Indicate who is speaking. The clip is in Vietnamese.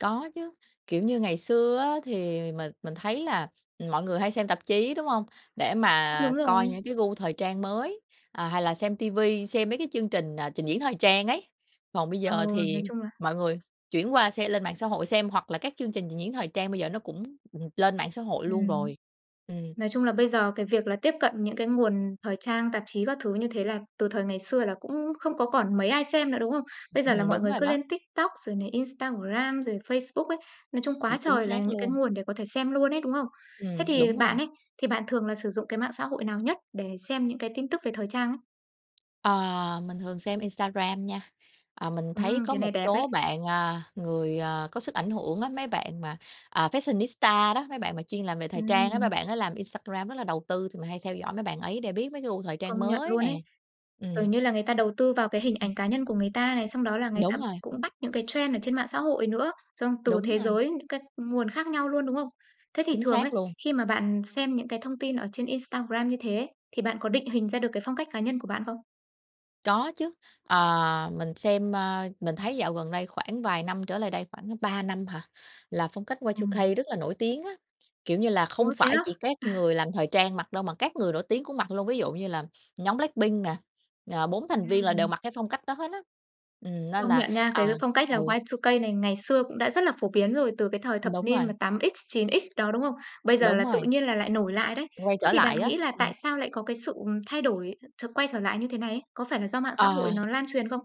Speaker 1: Có chứ. Kiểu như ngày xưa á thì mình mình thấy là mọi người hay xem tạp chí, đúng hông? Để
Speaker 2: Cũng đúng
Speaker 1: mà coi
Speaker 2: rồi.
Speaker 1: những cái gu thời trang mới, ờ, hay là xem TV xem mấy cái chương trình, à, trình diễn thời trang ấy. Còn bây
Speaker 2: Ờ,
Speaker 1: giờ
Speaker 2: nói
Speaker 1: thì
Speaker 2: chung là
Speaker 1: mọi người chuyển qua xe lên mạng xã hội xem, hoặc là các chương trình trình diễn thời trang bây giờ nó cũng bùng lên mạng xã hội luôn
Speaker 2: Ừm.
Speaker 1: rồi. Ừm.
Speaker 2: Nói chung là bây giờ cái việc là tiếp cận những cái nguồn thời trang, tạp chí các thứ như thế là từ thời ngày xưa là cũng không có còn mấy ai xem nữa, đúng không? Bây
Speaker 1: Ừm
Speaker 2: giờ là
Speaker 1: hừm.
Speaker 2: mọi
Speaker 1: Đúng
Speaker 2: người
Speaker 1: rồi
Speaker 2: cứ
Speaker 1: đó.
Speaker 2: lên TikTok, rồi này Instagram, rồi Facebook ấy. Nói chung
Speaker 1: Ừm,
Speaker 2: quá
Speaker 1: chính
Speaker 2: trời là
Speaker 1: xác
Speaker 2: những cái
Speaker 1: luôn.
Speaker 2: nguồn để có thể xem luôn ấy, đúng không? Thế
Speaker 1: Ừm,
Speaker 2: thì
Speaker 1: đúng rồi.
Speaker 2: bạn ấy, thì bạn thường là sử dụng cái mạng xã hội nào nhất để xem những cái tin tức về thời trang ấy?
Speaker 1: Ờ, mình thường xem Instagram nha. Ờ, mình thấy
Speaker 2: Ừm,
Speaker 1: có
Speaker 2: cái này
Speaker 1: một
Speaker 2: đẹp đấy.
Speaker 1: số bạn, a, người, à, có sức ảnh hưởng á, mấy bạn mà, à, fashionista đó, mấy bạn mà chuyên làm về thời trang á, mấy
Speaker 2: Ừm.
Speaker 1: bạn á làm Instagram rất là đầu tư thì mình hay theo dõi mấy bạn ấy để biết mấy cái gu thời trang
Speaker 2: Công nhận
Speaker 1: mới
Speaker 2: luôn
Speaker 1: nè.
Speaker 2: ấy. Kiểu
Speaker 1: Ừm.
Speaker 2: như là, người ta đầu tư vào cái hình
Speaker 1: Ừm.
Speaker 2: ảnh cá nhân của người ta này, xong đó là người ta
Speaker 1: Đúng rồi.
Speaker 2: cũng bắt những cái trend ở trên mạng xã hội nữa, xong từ
Speaker 1: Đúng
Speaker 2: thế
Speaker 1: rồi.
Speaker 2: giới những cái nguồn khác nhau luôn, đúng không? Thế thì
Speaker 1: Chính
Speaker 2: thường ấy,
Speaker 1: xác luôn.
Speaker 2: khi mà bạn xem những cái thông tin ở trên Instagram như thế, thì bạn có định hình ra được cái phong cách cá nhân của bạn không?
Speaker 1: Có chứ. Ờ, mình xem, a mình thấy dạo gần đây khoảng vài năm trở lại đây, khoảng 3 năm hả? Là phong cách Y2K
Speaker 2: Ừm.
Speaker 1: rất là nổi tiếng á, kiểu như là, không
Speaker 2: Ôi thế
Speaker 1: phải
Speaker 2: á?
Speaker 1: chỉ các
Speaker 2: À.
Speaker 1: người làm thời trang mặc đâu mà các người nổi tiếng cũng mặc luôn. Ví dụ như là nhóm Blackpink nè, à, 4 thành viên là đều
Speaker 2: Ừm.
Speaker 1: mặc cái phong cách đó hết á. Ừm, nên
Speaker 2: Công
Speaker 1: là
Speaker 2: nhận nha, cái
Speaker 1: à,
Speaker 2: phong cách là
Speaker 1: ừ.
Speaker 2: Y2K này ngày xưa cũng đã rất là phổ biến rồi từ cái thời thập
Speaker 1: Đúng
Speaker 2: niên mà
Speaker 1: rồi.
Speaker 2: 8X-9X đó, đúng không? Bây giờ
Speaker 1: Đúng
Speaker 2: là tự
Speaker 1: rồi.
Speaker 2: nhiên là lại nổi lại đấy.
Speaker 1: Quay
Speaker 2: Thế
Speaker 1: trở
Speaker 2: thì bạn
Speaker 1: lại á.
Speaker 2: nghĩ là
Speaker 1: Ừm.
Speaker 2: tại sao lại có cái sự, ừm, thay đổi ch quay trở lại như thế này ấy? Có phải là do mạng xã hội
Speaker 1: Ờ.
Speaker 2: nó lan truyền không?